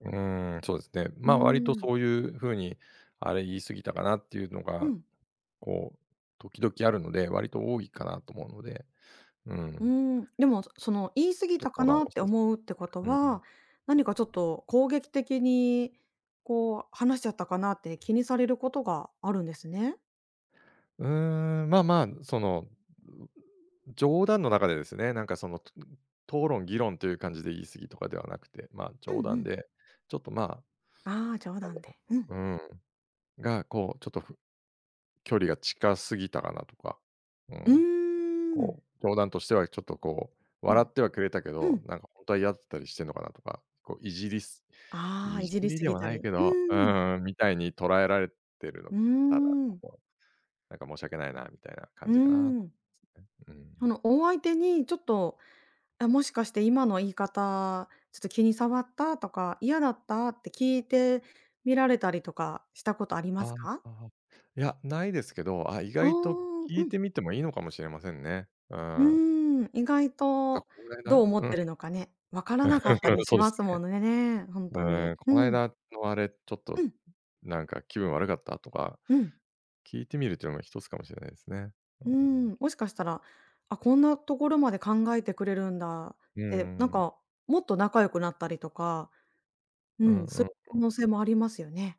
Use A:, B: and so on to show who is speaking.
A: うーん、そうすね。
B: う
A: ま、割と
B: ーん。
A: そういうふうに「あれ、言い過ぎたかな？」っていうの
B: う
A: が、
B: ん。
A: こう時々あるので、割と多いかなと思うので。う
B: うー
A: ん。
B: ん、でも、その、言い過ぎ
A: とっ
B: たか
A: こなお
B: な？って
A: せ
B: 思
A: う
B: うってこと
A: うん。
B: は、何かちょっと攻撃的に、こう話しちゃったかなって、気にされることがあるんですね？
A: うーん、まあまあ、その、冗談の中でですね、なんかそのとぐう討論議論という感じで、言い過ぎとかではなくて。ま、
B: うん
A: 冗
B: う
A: 談
B: ん。
A: で、ちょっと、ま、
B: ああ、冗
A: なん
B: 談
A: だ
B: で。
A: ろ
B: うん。
A: ううんが、こうちょっとふ距離が近すぎたかなとか、う
B: う
A: ん。
B: ーん。
A: こう冗談としては、ちょっとこう、
B: う
A: 笑
B: ん、
A: ってはくれたけ
B: う
A: ど、
B: ん。
A: なんかほんとは嫌だったりしてんのかな？とか。こう、いじりす
B: ああ、
A: い
B: い
A: じ
B: じり
A: り
B: す
A: で
B: ぎ
A: は
B: た
A: な
B: り。
A: いけ
B: う
A: ど、う
B: ーん。
A: ーん、みたいに捉えられてるの
B: うー
A: たら、
B: ん。
A: こう、なんか申し訳ないな、みたいな感
B: うー
A: じかな？
B: ん。
A: すね、う
B: そ
A: ん。
B: のお相手に、ちょっと、あ、もしかして今の言い方、ちょっと気に障った？とか、嫌だった？って、聞いてみられたりとか、したことあります
A: あ、
B: か？
A: あは。いや、ないですけど、あ、意
B: ああ、
A: 外と聞
B: う
A: い
B: ん。
A: てみてもいいのかもしれませんね。う
B: う
A: ん。
B: ーん、意外
A: か、
B: と、
A: こんぐらい
B: どう
A: な
B: 思っ
A: うん。
B: てるのかね。わからなかった
A: う
B: り
A: ん、
B: し
A: そうで
B: ま
A: す
B: すも
A: ね。
B: のねね、ほんとに。
A: うん、
B: う
A: この
B: ん。
A: 間のあれ、ちょっ
B: う
A: と、
B: ん。
A: なんか気分悪かった？とか、
B: うん。
A: 聞いてみるというのも一つかもしれないすね。う
B: う
A: ー
B: ー
A: ん。
B: ん、もしかしたら「あ、こんなところまで考えてくれるんだ」っ
A: うーん、
B: てなん
A: うん。
B: か、もっと仲良くなったりとか。う
A: うん
B: ん、
A: う
B: そ
A: ん
B: い可
A: うん。
B: 能性もありますよね。